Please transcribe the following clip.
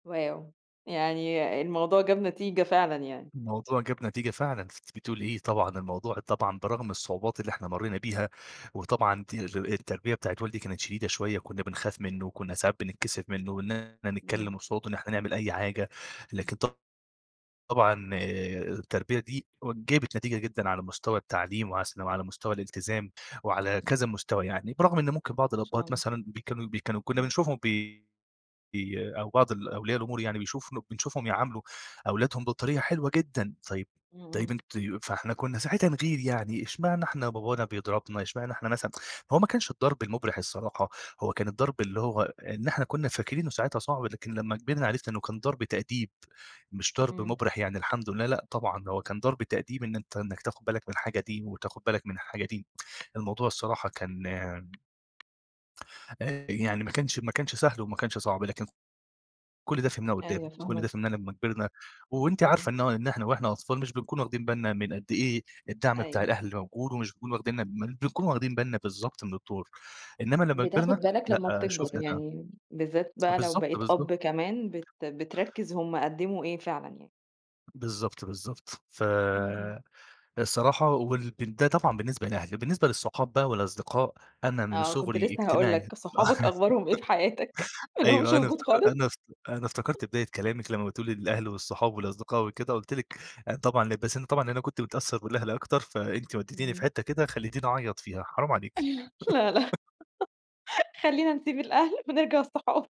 واو! يعني الموضوع جاب نتيجة فعلًا يعني. الموضوع جاب نتيجة فعلًا أنتِ بتقولي إيه؟! طبعًا الموضوع طبعًا برغم الصعوبات اللي إحنا مرّينا بيها وطبعًا تي ال التربية بتاعة والدي كانت شديدة شويّة وكنّا بنخاف منُّه وكنّا ساعات بنتكسف منُّه وإن إحنا إمم. نتكلّم قصاده، إن إحنا نعمل أي حاجة، لكن ط طبعًا التربية دي جابت نتيجة جدًا على مستوى التعليم وعس وعلى مستوى الإلتزام وعلى كذا مستوى يعني، برغم إن ممكن بعض ما شاء الأبهات الله. مثلًا بيكانوا بيكانوا كنّا إمم. بنشوفهم بي ي أو بعض الأولياء الأمور يعني بيشوف له بنشوفهم يعاملوا أولادهم بطريقة حلوة جدًا، طيّب إمم، طيّب إمم. أنت ي فإحنا كنّا ساعتها نغير يعني إشمعنا إحنا بابانا بيضربنا، إشمعنا إحنا مثلًا هو ما كانش الضرب المُبرح الصراحة، هو كان الضرب اللي هو إن إحنا كنّا فاكرينه ساعتها صعب، لكن لمّا كبرنا عرفنا إنّه كان ضرب تأديب مش ضرب إمم. مُبرح يعني الحمد لله، لأ طبعًا ده هو كان ضرب تأديب إن أنت إنّك تاخد بالك من الحاجة دي وتاخد بالك من الحاجة دي، الموضوع الصراحة كان يعني ما كانش ما كانش سهل وما كانش صعب لكن كل ده فهمناه قدّام، أيوه كل فاهماك. ده فهمناه لمّا كبرنا، وأنتِ إمم. عارفة إن هو إن إحنا وإحنا أطفال مش بنكون واخدين بالنا من قد إيه الدعم بتاع أيوه. الأهل موجود ومش بنكون واخدينا بن بنكون واخدين بالنا بالضبط من الدور، إنمّا لمّا بتاخد كبرنا بالك لمّا لأ بتكبر شوفنا ده. يعني بالذات بقى لو بالضبط، بقيت بالضبط. أب كمان بت بتركز هُم قدموا إيه فعلًا يعني. بالضبط بالضبط ف إمم إمم. الصراحة وال ب ده طبعًا بالنسبة لأهل. بالنسبة للصحاب بقى والأصدقاء أنا من آه كنت صغري لسه هاقول إجتماعي لك صحابك أخبارهم إيه في حياتك ما لهُمش أيوَه، أنا وجود افتك خالص؟ أنا افت أنا افتكرت بداية كلامِك لمّا بتقولي للأهل والصحاب والأصدقاء وكده قُلت لِك أنا طبعًا ل بس أنا طبعًا أنا كنت متأثّر بالأهل أكتر فأنتِ وديتيني في إمم. حتّة كده خلّيتيني اعيط فيها حرام عليكِ.. لا لا خلّينا نسيب الأهل ونرجع الصحاب.